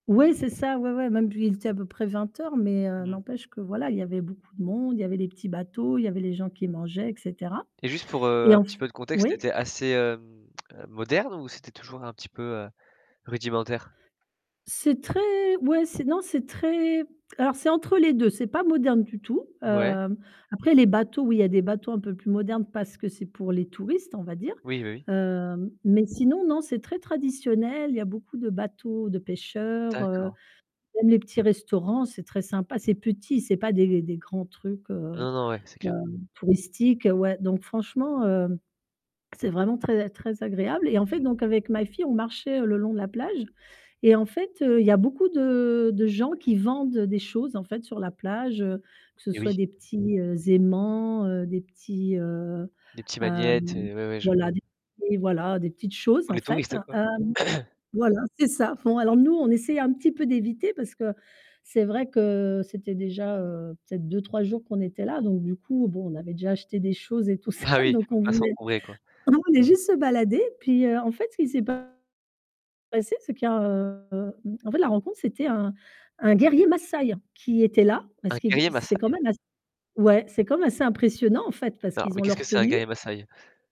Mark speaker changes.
Speaker 1: Ouais, c'est ça, ouais, ouais, même puis il était à peu près 20:00, mais, heu,
Speaker 2: Mmh.
Speaker 1: n'empêche que, voilà, il y avait beaucoup de monde, il y avait les petits bateaux, il y avait les gens qui mangeaient et cetera.
Speaker 2: Et juste pour, heu,
Speaker 1: Et
Speaker 2: un
Speaker 1: en f
Speaker 2: petit peu de contexte,
Speaker 1: oui?
Speaker 2: c'était assez, hem, heu, moderne ou c'était toujours un petit peu, heu, rudimentaire?
Speaker 1: C'est très ouais, c'est non, c'est très alors c'est entre les 2, c'est pas moderne du tout.
Speaker 2: Ouais.
Speaker 1: Hem, après les bateaux, oui, il y a des bateaux un peu plus modernes parce que c'est pour les touristes, on va dire.
Speaker 2: Oui, bah, oui.
Speaker 1: Heu, mais sinon, non, c'est très traditionnel, il y a beaucoup de bateaux de pêcheurs, heu,
Speaker 2: D'accord.
Speaker 1: même les petits restaurants, c'est très sympa, c'est petit, c'est pas des des grands trucs, heu,
Speaker 2: Non, non, ouais c'est
Speaker 1: heu,
Speaker 2: clair.
Speaker 1: touristiques, ouais. Donc franchement, heu, c'est vraiment très a très agréable et en fait,
Speaker 2: Mmh.
Speaker 1: donc avec ma fille, on marchait le long de la plage et en fait, heu, il y a beaucoup de de gens qui vendent des choses en fait, sur la plage, heu, que ce
Speaker 2: Eh oui.
Speaker 1: soit des petits, heu, aimants, heu, des petits, heu,
Speaker 2: Des petits magnets
Speaker 1: hem,
Speaker 2: et ouais, ouais, je vois.
Speaker 1: voilà, des des voilà, des petites choses,
Speaker 2: Pour
Speaker 1: en
Speaker 2: les
Speaker 1: fait.
Speaker 2: touristes, quoi.
Speaker 1: Hem, voilà, c'est ça. Bon, alors,
Speaker 2: Mmh.
Speaker 1: nous, on essaye un petit peu d'éviter parce que c'est vrai que c'était déjà, heu, peut-être 2-3 jours qu'on était là. Donc du coup, bon, on avait déjà acheté des choses et tout ça.
Speaker 2: Ah oui,
Speaker 1: Donc
Speaker 2: faut
Speaker 1: on
Speaker 2: pas
Speaker 1: voulait
Speaker 2: s'encombrer, quoi.
Speaker 1: nous on venait juste se balader, puis, heu, en fait ce qui s'est passé, c'est qu'il y a, heu, en fait, la rencontre, c'était un un guerrier Massaï qui était là, parce
Speaker 2: Un
Speaker 1: qu'il g
Speaker 2: guerrier
Speaker 1: c'est quand
Speaker 2: massaï?
Speaker 1: même as ouais, c'est quand même assez impressionnant en fait, parce
Speaker 2: Alors,
Speaker 1: qu'ils
Speaker 2: mais
Speaker 1: ont
Speaker 2: qu'est-ce que
Speaker 1: leur
Speaker 2: c'est un
Speaker 1: tenue.
Speaker 2: guerrier massaï?